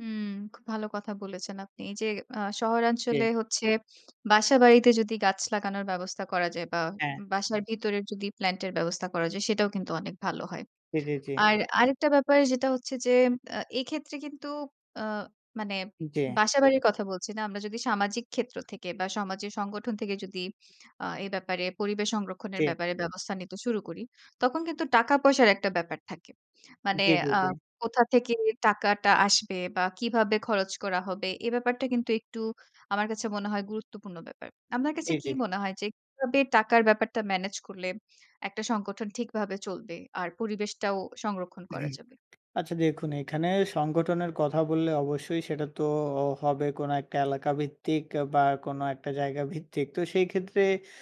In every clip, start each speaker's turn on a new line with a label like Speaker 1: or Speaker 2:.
Speaker 1: হুম, খুব ভালো কথা বলেছেন আপনি। এই যে আ শহরাঞ্চলে
Speaker 2: জি।
Speaker 1: হচ্ছে বাসাবাড়িতে যদি গাছ লাগানোর ব্যবস্থা করা যায় বা
Speaker 2: হ্যাঁ।
Speaker 1: বাসার ভিতরে যদি প্ল্যান্ট এর ব্যবস্থা করা যায় সেটাও কিন্তু অনেক ভালো হয়।
Speaker 2: জি, জি, জি।
Speaker 1: আর আরেকটা ব্যাপার যেটা হচ্ছে যে আ এক্ষেত্রে কিন্তু আ মানে
Speaker 2: জি।
Speaker 1: বাসাবাড়ির কথা বলছি না। আমরা যদি সামাজিক ক্ষেত্র থেকে বা সমাজের সংগঠন থেকে যদি আ এ ব্যাপারে পরিবেশ সংরক্ষণের
Speaker 2: জি।
Speaker 1: ব্যাপারে ব্যবস্থা নিতে শুরু করি। তখন কিন্তু টাকা পয়সার একটা ব্যাপার থাকে। মানে
Speaker 2: জি, জি,
Speaker 1: আ
Speaker 2: জি।
Speaker 1: কোথা থেকে টাকাটা আসবে? বা কিভাবে খরচ করা হবে? এ ব্যাপারটা কিন্তু একটু আমার কাছে মনে হয় গুরুত্বপূর্ণ ব্যাপার। আপনার
Speaker 2: জি,
Speaker 1: কাছে কি
Speaker 2: জি।
Speaker 1: মনে হয়? যে কিভাবে টাকার ব্যাপারটা মেনেজ করলে একটা সংগঠন ঠিকভাবে চলবে? আর পরিবেশটাও সংরক্ষণ করা যাবে?
Speaker 2: আচ্ছা দেখুন এখানে সংগঠনের কথা বললে অবশ্যই সেটা তো হবে কোনো একটা এলাকাভিত্তিক বা কোনো একটা জায়গা ভিত্তিক তো সেই ক্ষেত্রে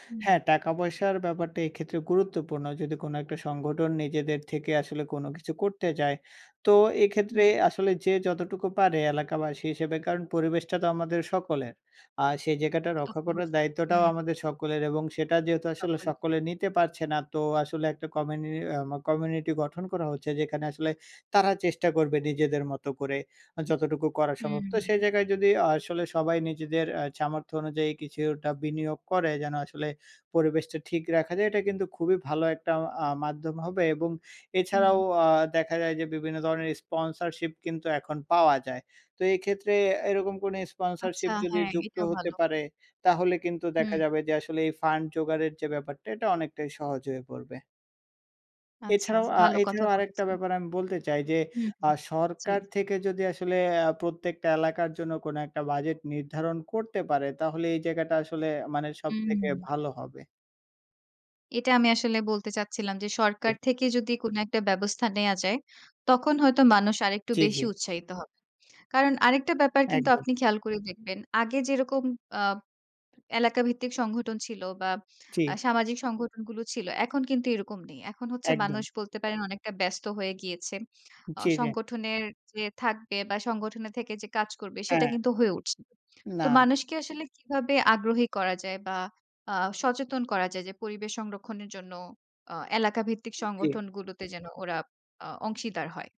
Speaker 1: হুম।
Speaker 2: হ্যাঁ, টাকা পয়সার ব্যাপারটা এক্ষেত্রে গুরুত্বপূর্ণ যদি কোনো একটা সংগঠন নিজেদের থেকে আসলে কোনো কিছু করতে যায় তো এক্ষেত্রে
Speaker 1: হুম।
Speaker 2: আসলে যে যতটুকু পারে এলাকাবাসী হিসেবে কারণ পরিবেশটা তো আমাদের সকলের। আর সেই জায়গাটা রক্ষা
Speaker 1: [unintelligible]
Speaker 2: করার দায়িত্বটাও
Speaker 1: হুম।
Speaker 2: আমাদের সকলের এবং সেটা যেহেতু আসলে
Speaker 1: তখন।
Speaker 2: সকলে নিতে পারছে না তো আসলে একটা কমিউনি আ কমিউনিটি গঠন করা হচ্ছে যেখানে আসলে তারা চেষ্টা করবে নিজেদের মতো করে যতটুকু করা সম্ভব
Speaker 1: হুম।
Speaker 2: তো সেই জায়গায় যদি আসলে সবাই নিজেদের আ সামর্থ্য অনুযায়ী কিছুটা বিনিয়োগ করে যেন আসলে পরিবেশটা ঠিক রাখা যায়। এটা কিন্তু খুবই ভালো একটা অ্যা মাধ্যম হবে এবং এছাড়াও
Speaker 1: হুম।
Speaker 2: আ দেখা যায় যে বিভিন্ন ধরনের স্পন্সরশিপ কিন্তু এখন পাওয়া যায়। তো এক্ষেত্রে এরকম কোনো
Speaker 1: আচ্ছা
Speaker 2: স্পন্সরশিপ যদি
Speaker 1: হ্যাঁ,
Speaker 2: যুক্ত
Speaker 1: এটা
Speaker 2: হতে
Speaker 1: ভালো।
Speaker 2: পারে তাহলে কিন্তু
Speaker 1: হুম।
Speaker 2: দেখা যাবে যে আসলে এই ফান্ড জোগাড়ের যে ব্যাপারটা এটা অনেকটাই সহজ হয়ে পড়বে।
Speaker 1: আচ্ছা,
Speaker 2: এছাড়াও, আ
Speaker 1: ভালো কথা
Speaker 2: এছাড়াও আরেকটা
Speaker 1: বলেছেন।
Speaker 2: ব্যাপার আমি বলতে চাই যে
Speaker 1: হুম,
Speaker 2: আ
Speaker 1: হুম জী।
Speaker 2: সরকার থেকে যদি আসলে আ প্রত্যেকটা এলাকার জন্য কোন একটা বাজেট নির্ধারণ করতে পারে তাহলে এই জায়গাটা আসলে মানে সবথেকে
Speaker 1: হুম।
Speaker 2: ভালো হবে।
Speaker 1: এটা আমি আসলে বলতে চাচ্ছিলাম যে সরকার থেকে যদি কোন একটা ব্যবস্থা নেয়া যায়, তখন হয়তো মানুষ আরেকটু
Speaker 2: জি,
Speaker 1: বেশি
Speaker 2: জি।
Speaker 1: উৎসাহিত হবে। কারণ আরেকটা ব্যাপার কিন্তু
Speaker 2: একদম।
Speaker 1: আপনি খেয়াল করে দেখবেন। আগে যেরকম আ এলাকাভিত্তিক সংগঠন ছিল বা আ
Speaker 2: জি।
Speaker 1: সামাজিক সংগঠনগুলো ছিল এখন কিন্তু এরকম নেই। এখন হচ্ছে
Speaker 2: একদম।
Speaker 1: মানুষ বলতে পারেন অনেকটা ব্যস্ত হয়ে গিয়েছে। আ
Speaker 2: জি।
Speaker 1: সংগঠনের যে থাকবে বা সংগঠনের থেকে যে কাজ করবে সেটা
Speaker 2: হ্যাঁ।
Speaker 1: কিন্তু হয়ে উঠছে না। তো
Speaker 2: না।
Speaker 1: মানুষকে আসলে কিভাবে আগ্রহী করা যায় বা আ সচেতন করা যায় যে পরিবেশ সংরক্ষণের জন্য আ এলাকাভিত্তিক
Speaker 2: জি।
Speaker 1: সংগঠনগুলোতে যেন ওরা আ অংশীদার হয়?